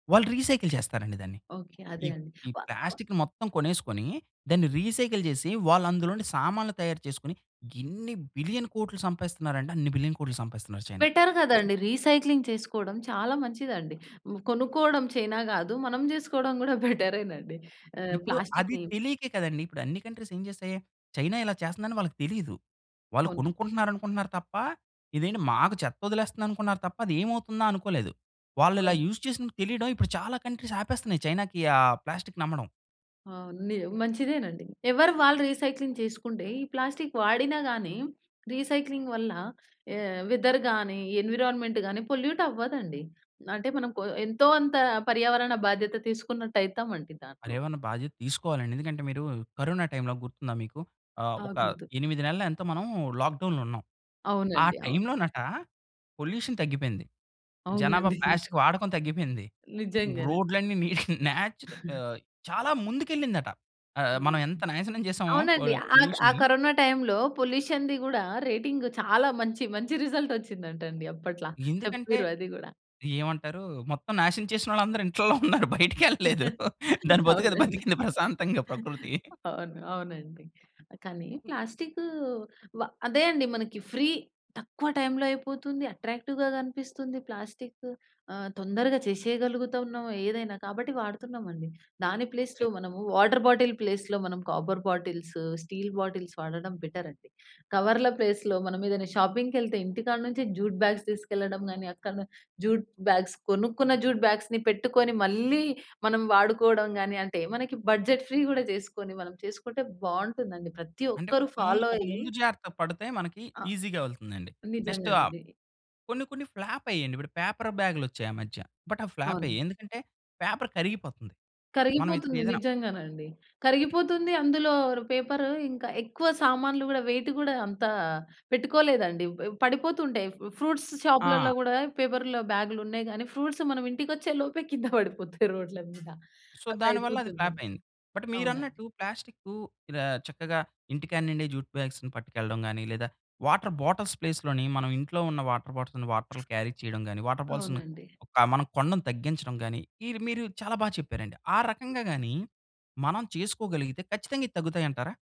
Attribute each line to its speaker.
Speaker 1: వాళ్ళు రీసైకిల్ చేస్తారండి దాన్ని.
Speaker 2: ఓకే.
Speaker 1: ఈ
Speaker 2: అదే అండి.
Speaker 1: ఈ
Speaker 2: [unintelligible]
Speaker 1: ప్లాస్టిక్ మొత్తం కొనేసుకొని దాన్ని రీసైకిల్ జేసి వాళ్ళు అందులో నుండి సామాన్లు తయారు చేసుకొని ఇన్ని బిలియన్ కోట్లు సంపాయిస్తున్నారంటే, అన్ని బిలియన్ కోట్లు సంపాయిస్తున్నారు చైనా!
Speaker 2: బెటర్ గదండీ. రీసైక్లింగ్ చేసుకోవడం చాలా మంచిదండి. హ్మ్, కొనుక్కోవడం చైనా గాదు. మనం జేసుకోవడం కూడా బెటరేనండి. ఆహ్
Speaker 1: ఇప్పుడు అది
Speaker 2: ప్లాస్టి‌క్‌ని.
Speaker 1: తెలీకే కదండి! ఇప్పుడు అన్ని కంట్రీస్ ఏం చేస్తాయి, చైనా ఇలా చేస్తందని వాళ్ళకి తెలీదు. వాళ్ళు
Speaker 2: అవునండి.
Speaker 1: కొనుక్కుంటున్నారనుకుంటున్నారు తప్ప, ఇదేంటి మాకు చెత్త వదిలేస్తుందనుకున్నారు తప్ప, అది ఏమవుతుందా? అనుకోలేదు. వాళ్ళు ఇలా యూస్ చేసినది తెలియడమే, ఇప్పుడు చాలా కంట్రీస్ ఆపేస్తున్నాయి చైనాకి, ఆ ప్లాస్టిక్‌ని అమ్మడం.
Speaker 2: అవును. నిజం, మంచిదేనండి. ఎవరిది వాళ్ళు రీసైక్లింగ్ చేసుకుంటే ఈ ప్లాస్టిక్ వాడినా గాని రీసైక్లింగ్ వల్ల ఆహ్, వెదర్ గాని, ఎన్విరాన్‌మెంట్ గాని పొల్యూట్ అవ్వదండి. అంటే, మనం కొ ఎంతో అంత పర్యావరణ బాధ్యత తీసుకున్నట్టయితామండి
Speaker 1: అరే!
Speaker 2: దాంట్లో.
Speaker 1: ఏమన్నా బాధ్యత తీసుకోవాలండి! ఎందుకంటే, మీరు కరోనా టైమ్‌లో గుర్తుందా మీకు ఆహ్, ఒక
Speaker 2: [unintelligible]
Speaker 1: 8 నెలలో ఎంతో మనం లాక్‌డౌన్‌లో ఉన్నాం. ఆ
Speaker 2: అవునండి. అవును.
Speaker 1: టైమ్‌లోనట పొల్యూషన్ తగ్గిపోయింది. జనాభా
Speaker 2: అవునండి.
Speaker 1: ప్లాస్టిక్ వాడకం తగ్గిపోయింది.
Speaker 2: నిజంగానే.
Speaker 1: రోడ్లన్నీ నీ నేచుర ఆహ్, చాలా ముందుకెళ్ళిందట. ఆహ్, మనం ఎంత నాశనం చేసామో పొ
Speaker 2: అవునండి. ఆ క్ ఆ
Speaker 1: పొల్యూషన్‌ని
Speaker 2: కరోనా టైమ్‌లో పొల్యూషన్‌ది గూడా రేటింగ్ చాలా మంచి మంచి రిజల్ట్ వచ్చిందంటండి. అప్పట్లా.
Speaker 1: ఎందుకంటే,
Speaker 2: చెప్పిర్రు అది గూడా.
Speaker 1: ఏమంటారు మొత్తం నాశనం చేసిన వాళ్ళందరూ ఇంట్లలో ఉన్నారు. బయటికి వెళ్ళలేదు. దాని బతుకు అది
Speaker 2: అవునండి.
Speaker 1: బతికింది ప్రశాంతంగా ప్రకృతి.
Speaker 2: అవును. అవునండి. కానీ, ప్లాస్టిక్ వా అదే అండి మనకి ఫ్రీ, తక్కువ టైమ్‌లో అయిపోతుంది. అట్రాక్టివ్‌గా గనిపిస్తుంది ప్లాస్టిక్. ఆహ్, తొందరగా చేసేయగలుగుతున్నాం ఏదైనా. కాబట్టి వాడుతున్నాం అండి. దాని ప్లేస్‌లో మనము వాటర్ బాటిల్ ప్లేస్‌లో మనం కాపర్ బాటిల్స్, స్టీల్ బాటిల్స్ వాడడం బెటర్ అండి. కవర్ల ప్లేస్‌లో మనం ఏదైనా షాపింగ్‌కెళ్తే ఇంటికాడ నుంచి జ్యూట్ బ్యాగ్స్ తీసుకెళ్లడం కానీ, అక్కడ‌నే జ్యూట్ బ్యాగ్స్ కొనుక్కున్న జ్యూట్ బ్యాగ్స్‌ని పెట్టుకొని మళ్ళీ మనం వాడుకోవడం గానీ, అంటే మనకి బడ్జెట్ ఫ్రీ గూడా చేసుకొని మనం చేసుకుంటే బావుంటుందండి. ప్రతి
Speaker 1: అంటే,
Speaker 2: ఒక్కరు
Speaker 1: ముందు
Speaker 2: ఫాలో
Speaker 1: ఒక
Speaker 2: అయ్యి
Speaker 1: ముందు జాగ్రత్త పడితే మనకి
Speaker 2: ఆ!
Speaker 1: ఈసీ‌గా వెళ్తుందండి. నెక్స్ట్ ఆహ్,
Speaker 2: నిజంగా‌నండి.
Speaker 1: కొన్ని కొన్ని ఫ్లాప్ అయ్యాయండి. ఇప్పుడు పేపర్ బ్యాగ్‌లు వచ్చాయి ఆ మధ్య. బట్ అవి ఫ్లాప్
Speaker 2: అవును.
Speaker 1: అయ్యాయి. ఎందుకంటే, పేపర్ కరిగిపోతుంది. మనం ఇప్పుడు
Speaker 2: కరిగిపోతుంది.
Speaker 1: ఏదైనా
Speaker 2: నిజ్జంగానండి. కరిగిపోతుంది. అందులో ర్ పేపర్ ఇంకా ఎక్కువ సామాన్లు కూడా వెయిటు గూడా అంతా పెట్టుకోలేదండి. ప పడిపోతుంటాయి. ఫ్రూట్స్
Speaker 1: ఆ!
Speaker 2: షాప్‌లలో గూడా పేపర్ల బ్యాగ్‌లు ఉన్నాయి కానీ, ఫ్రూట్స్ మనం ఇంటికి వచ్చేలోపే కింద పడిపోతాయి రోడ్ల మీద.
Speaker 1: సో,
Speaker 2: అలా
Speaker 1: దానివల్ల అది ఫ్లాప్
Speaker 2: అయిపోతుందండి.
Speaker 1: అయింది. బట్
Speaker 2: అవునండి.
Speaker 1: మీరన్నట్టు ప్లాస్టిక్కు ఇలా చక్కగా ఇంటికాడ నుండే జ్యూట్ బ్యాగ్స్‌ని పట్టుకెళ్ళడం గాని, లేదా వాటర్ బాటిల్స్ ప్లేస్‌లోని మనం ఇంట్లో ఉన్న వాటర్ బాటిల్స్‌ని వాటర్‌లు క్యారీ చేయడం గాని, వాటర్ బాల్స్‌ని
Speaker 2: అవునండి.
Speaker 1: ఒక మనం కొనడం తగ్గించడం గాని, ఇవి మీరు చాలా బాగా చెప్పారండి. ఆ రకంగా గాని మనం చేసుకోగలిగితే ఖచ్చితంగా ఇవి తగ్గుతాయి అంటారా?